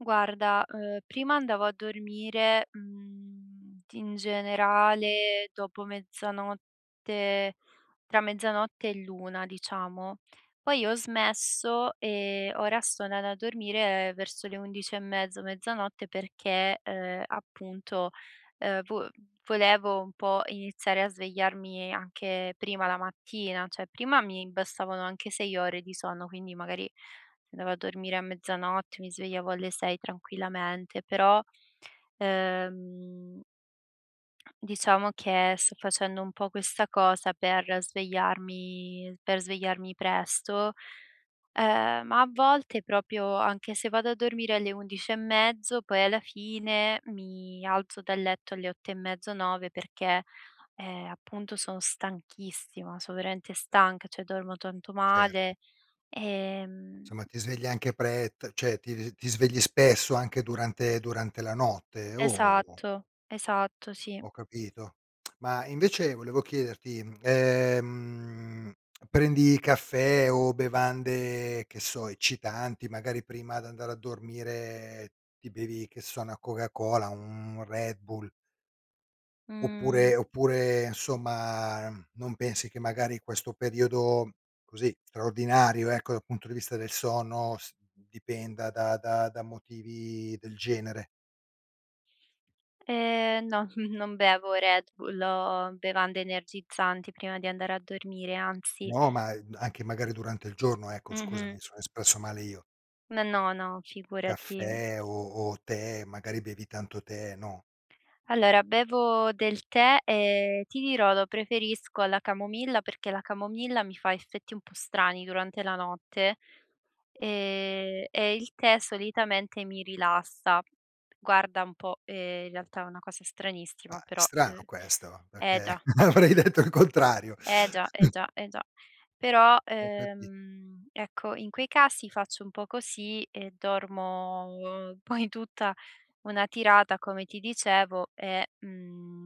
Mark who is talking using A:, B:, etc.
A: Guarda, uhm, prima andavo a dormire, mhmm, t in generale dopo mezzanotte, tra mezzanotte e l'1 diciamo. Poi ho smesso, ehm, ora sto andando a dormire verso le 11 e mezzo, mezzanotte perché, ehm, appunto, uhm, vo volevo un po' iniziare a svegliarmi anche prima la mattina, cioè prima mi bastavano anche 6 ore di sonno, quindi magari se andavo a dormire a mezzanotte, mi svegliavo alle 6 tranquillamente, però, ehm diciamo che sto facendo un po' questa cosa per svegliarmi per svegliarmi presto, uhm, ma a volte proprio anche se vado a dormire alle 11 e mezzo, poi alla fine mi alzo dal letto alle 8 e mezzo, 9 perché, ehm, appunto sono stanchissima, so veramente stanca, cioè dormo tonto
B: Certo.
A: male, ehm
B: Insomma ti svegli anche pre t cioè ti ti v ti svegli spesso anche durante durante la notte? O?
A: Esatto, esatto, sì.
B: Ho capito. Ma invece volevo chiederti, mhmm, ehm, prendi caffè o bevande, che so, eccitanti, magari prima d'andare a dormire ti bevi, che so, una Coca Cola, un Red Bull.
A: Mh.
B: Oppure oppure insomma uhm, non pensi che magari questo periodo, così, straordinario, ecco, dal punto di vista del sonno s d dipenda da da da motivi del genere.
A: Ehm, no, non bevo Red Bull o bevande energizzanti prima di andare a dormire, anzi.
B: No, ma e anche magari durante il giorno, ecco scusami, mi
A: Mh-mh.
B: sono espresso male io.
A: No, no, no, figurati.
B: Caffè o o tè, magari bevi tanto tè, no?
A: Allora bevo del tè, ehm, ti dirò lo preferisco alla camomilla, perché la camomilla mi fa effetti un po' strani durante la notte, ehm, e il tè solitamente mi rilassa. Guarda un po', ehm, in realtà è una cosa stranissima
B: Ah, è
A: però
B: strano
A: uhm,
B: questo,
A: eh
B: perché
A: già.
B: avrei detto il contrario.
A: Eh già, eh già, eh già. Però,
B: Ho capi
A: ehm, ecco in quei casi faccio un po' così e dormo poi tutta una tirata come ti dicevo e, mhmm